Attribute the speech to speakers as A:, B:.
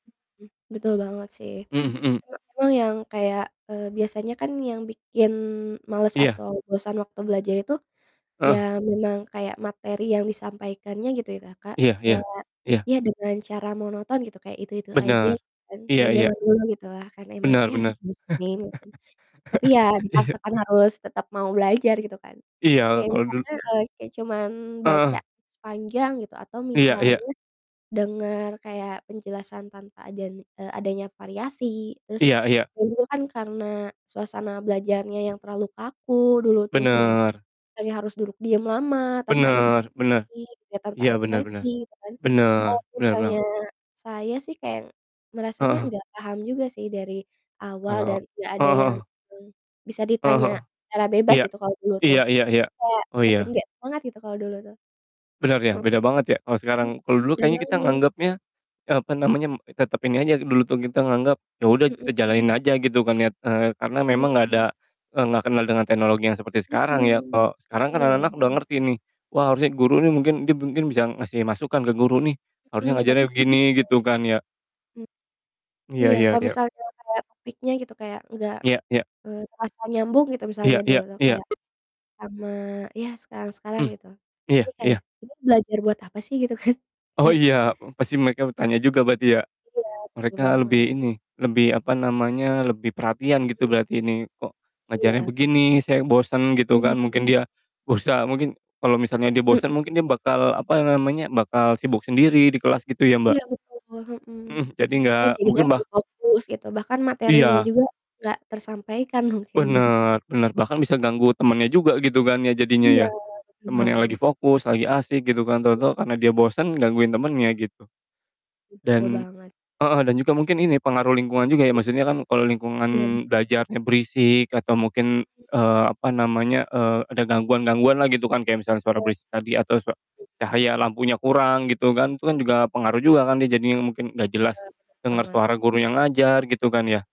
A: Mhm. Betul banget sih,
B: Mmm, hmm.
A: kalau emang yang kayak, eee, biasanya kan yang bikin males
B: Iya.
A: atau bosan waktu belajar itu, ya
B: Heeh.
A: memang kayak materi yang disampaikannya gitu ya Kakak,
B: Iya iya.
A: kayak,
B: Iya.
A: ya dengan cara monoton gitu. Kayak itu-itu aja
B: Benar,
A: gitu kan,
B: iya
A: kayak
B: iya.
A: jaman dulu gitu lah. Karena emang,
B: Benar
A: ya,
B: benar.
A: [unintelligible] lagi. Tapi ya
B: Iya.
A: dipaksakan harus tetap mau belajar, gitu kan.
B: Iya,
A: Kayak
B: kalau dulu
A: misalnya, eee, kayak cuman baca
B: Heeh.
A: sepanjang gitu, atau
B: Iya iya.
A: misalnya dengar kayak penjelasan tanpa adan eee, adanya variasi, terus,
B: Iya iya.
A: dan juga kan karena suasana belajarnya yang terlalu kaku dulu tuh kayak,
B: Benar.
A: kayak harus duduk diam lama, tanpa
B: Benar benar,
A: interaksi, tanpa
B: iya benar benar.
A: ekspresi, gitu kan. Kalau
B: Benar, benar
A: misalnya,
B: banget.
A: saya sih kayak merasanya
B: Heeh.
A: nggak paham juga sih dari awal,
B: Kalo
A: dan nggak ada
B: heeh
A: yang,
B: heeh.
A: eee, bisa
B: Heeh heeh.
A: ditanya secara bebas
B: iya,
A: gitu kalau dulu tuh.
B: iya iya iya,
A: Kayak
B: oh
A: makin
B: ya.
A: nggak semangat gitu kalau dulu tuh.
B: Benar ya,
A: E
B: beda banget ya, kalo sekarang.
A: Mmm,
B: Kalo dulu
A: mudah
B: kayaknya kita
A: banget.
B: nganggepnya, eee, apa namanya, m tetap ini aja, dulu tuh kita nganggep, yaudah
A: Mhm.
B: kita jalanin aja, gitu kan ya. Eee, karena memang,
A: Mhm.
B: nggak ada, eee, nggak kenal dengan teknologi yang seperti sekarang ya.
A: Mmm,
B: Kalo sekarang kan
A: iya
B: anak-anak udah
A: bener-benar.
B: ngerti nih, wah harusnya guru nih mungkin mungkin mungkin bisa ngasih masukan ke guru nih,
A: Mmm,
B: harusnya
A: bet
B: ngajarin begini, gitu kan ya.
A: M
B: Iya
A: Iya,
B: ya
A: kalau
B: ya.
A: misalkan gara-gara topiknya gitu kayak nggak,
B: Iya iya.
A: eee, terasa nyambung gitu,
B: Iya
A: misalnya
B: iya
A: dulu
B: iya.
A: kayak sama ya sekarang-sekarang
B: Mhm,
A: gitu.
B: iya
A: Ini kayak,
B: iya.
A: kita belajar buat apa sih, gitu kan,
B: Oh
A: kayak
B: iya, e pasti mereka bertanya juga berarti ya,
A: Iya, benar
B: mereka lebih
A: banget.
B: ini, lebih apa namanya, lebih perhatian gitu
A: Iya.
B: berarti ini, "Kok
A: Iya,
B: ngajarin
A: heeh.
B: begini, saya bosen." Gitu kan.
A: Bener sih.
B: Mungkin dia, berusaha mungkin, kalo misalnya dia
A: Mhm.
B: bosen mungkin dia bakal, apa namanya, bakal sibuk sendiri di kelas gitu ya
A: Hmm.
B: Mbak?
A: Iya betul, hmm.
B: Mhm. Jadi nggak
A: Kan jadinya
B: mungkin bah
A: lebih fokus gitu, bahkan materinya
B: Iya.
A: juga nggak tersampaikan mungkin ya.
B: Benar, benar. Bahkan bisa ganggu temannya juga gitu kan ya, jadinya
A: Iya,
B: ya.
A: benar
B: Temannya lagi
A: banget.
B: fokus, lagi asik gitu kan, tau-tau karena dia bosen, gangguin temannya, gitu.
A: Betul
B: Dan
A: banget.
B: heeh, dan juga mungkin ini, pengaruh lingkungan juga ya, maksudnya kan kalo
A: Iya.
B: lingkungan belajarnya berisik atau mungkin, eee, apa namanya, eee, ada gangguan-gangguan lah gitu kan, kayak misalnya suara
A: Iya.
B: berisik tadi atau sua cahaya lampunya kurang gitu kan, itu kan juga pengaruh juga kan, dia jadinya mungkin nggak jelas
A: Benar
B: dengar
A: benar banget.
B: suara gurunya ngajar, gitu kan ya?